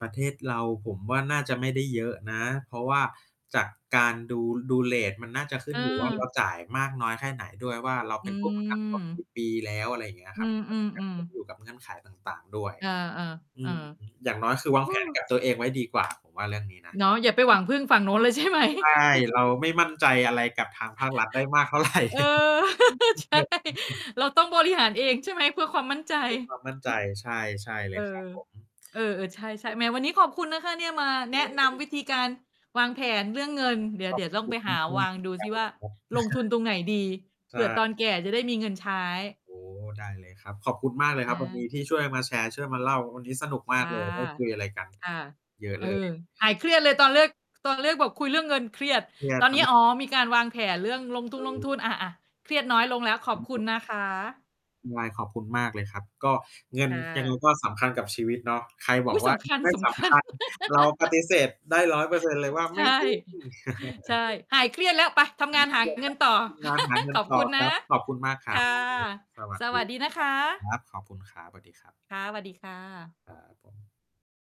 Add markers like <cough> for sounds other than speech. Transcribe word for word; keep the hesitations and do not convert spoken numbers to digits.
ประเทศเรา ผมว่าน่าจะไม่ได้เยอะนะ เพราะว่าจากการดู ดูเรต มันน่าจะ ขึ้นอยู่ว่า เราเออ จ่ายมากน้อยแค่ไหนด้วยว่า เรา อเืป็นผู้ประกันตนกีม ่ปี แล้ว อะไรอย่างเงี้ยอคืรับ ก็น่าจะอ ขึ้นๆ ๆ อยู่ กับเงื่อนไขต่าง ๆ ด้วย เออ อืม ๆ อย่างน้อย คือ วๆ โาอง้ แผน กับตัวเองไว้ดี กว่า ผมว่าเรื่องนี้นะ เนาะ อย่าไปหวังพึ่งฝั่งโน้นเลย ใช่ไหม ใช่ เร<chuckles> าไม่มั่นใจ อะไรกับทางภาครัฐได้มาก เท่าไ<chuckles> ร <laughs> เออ <laughs> ใช่ เราต้องบริหารเอง ใช่ไหม เพื่อความมั่นใจ มีคว<chuckles> าม มั่นใจ ใช่ ๆ เลเอยครัอ บผม เออ ๆ ใช่ ๆ แหม วันนี้ขอบคุณนะคะเนี่ยมาแนะน<unintelligible> ำวิธีการวางแผนเรื่องเงิน เดี๋ยขว อเดบี๋ยวต้อคงุไปณหมาาก ๆ เหมวางือนดูซิวก่ัา นเลยครับ ลงทุนตรงไหนดี? <chuckles> ใเชผื่อต่ อนแก่จะได้มีเงินใช้ โอ้โฮ ได้เลยครับ ขอบคุณมากเลยคอรับวันนีา ้ ที่ช่วยมาแชร์ ช่วยมาเล่า วันนี้สนุกมคาก ่ะ เลย ได้ คุยอะไรกัน ค่ะ เยอะ เออ เลย หายเครียดเลยตอนเลือก ตอนเลือกแบบคุยเรื่องเงินเครียด เนี่ยตอนครนัี้ บ อ๋อ มีการวางแผนเรื่องลงทองืลงทุม น อา ๆ เครียดน้อยลงแล้ว ขอบคุณ<unintelligible> นะคะ ไง ขอบคุณมากเลยครับ ก็เงิคน ่ยังไง ะ ก็สำคัญกับชีวิตเนาะ ใครบออุ๊กย! ว่สา ำเงคัินญ ไม่สสำคัำคญ ัญ เราปฏ<laughs> ิเสธได้ ร้อยเปอร์เซ็นต์ เลยว่า ใไชม่่ จริง <chuckles> ใช่ <chuckles> หายเครียดแล้ว ไปทำงาน หาเงินต<unintelligible> ่อ ทำงานหาเง<laughs> ิขนอบตคุ่อณนคะ รับ ขอบคุณมากครคั่บ ะ วันนี้สวัสสดวีัสดีนะครคับ คะ รับ ขอบคุณครับ สวัสดีครับ ค่ะ สวัสดีค่ะ ครับผม